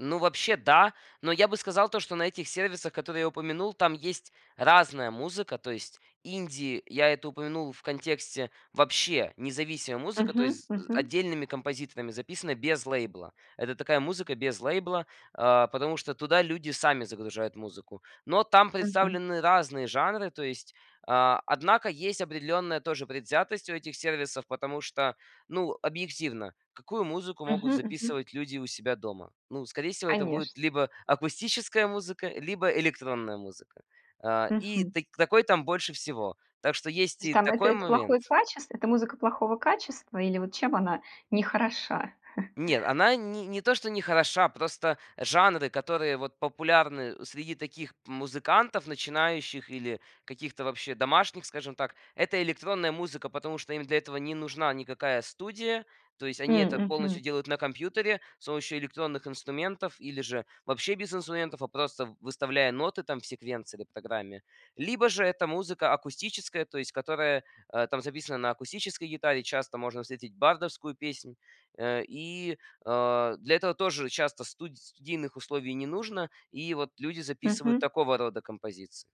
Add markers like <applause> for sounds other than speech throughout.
Ну вообще да. Но я бы сказал то, что на этих сервисах, которые я упомянул, там есть разная музыка. То есть инди я это упомянул в контексте вообще независимая музыка, то Мгм есть з мгм. отдельными композиторами записана без лейбла. Это такая музыка без лейбла, а, потому что туда люди сами загружают музыку. Но там Мгм. представлены разные жанры, то есть А, однако есть определенная тоже предвзятость у этих сервисов, потому что, ну, объективно какую музыку могут Мгм мгм. записывать люди у себя дома? Ну, скорее всего это Конечно. будет либо акустическая музыка, либо электронная музыка. А, и Мгм. тык такой там больше всего. Так что То есть есть и там это такой это плохое момент. качество? Это музыка плохого качества? Или вот чем она не хороша? <chuckles> Нет, она ни не то что не хороша, просто жанры, которые вот популярны среди таких п музыкантов начинающих или каких-то вообще домашних, скажем так, это электронная музыка. Потому что им для этого не нужна никакая студия, то есть они М, это полностью мгм. делают на компьютере с помощью электронных инструментов или же вообще без инструментов, а просто выставляя ноты там в секвенции доптограмме. Либо же это музыка акустическая, то есть которая, а, там записана на акустической гитаре. Часто можно встретить бардовскую песнь. Э, и, а, для этого тоже часто студ студийных условий не нужно. И вот люди записывают Мгм. такого рода композиции.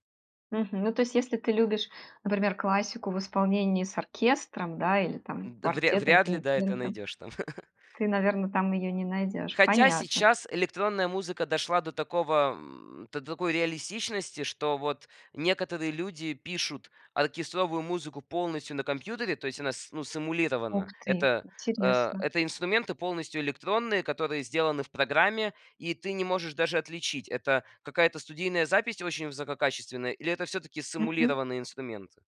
Мгм. Ну, то есть, если ты любишь, например, классику в исполнении с оркестром, да, или там М. Да, вря квартетом, вряд ли, да, это квинтетом. найдёшь там. <laughs> Ты, наверно, там её не найдёшь. Хотя Понятно. сейчас электронная музыка дошла до такого м, до такой реалистичности, что вот некоторые люди пишут оркестровую музыку полностью на компьютере, то есть она, с ну, сэмулирована. Ух ты! Это, а, Интересно. это инструменты полностью электронные, которые сделаны в программе, и ты не можешь даже отличить, это какая-то студийная запись очень высококачественная или это всё-таки Мгм. сэмулированные инструменты.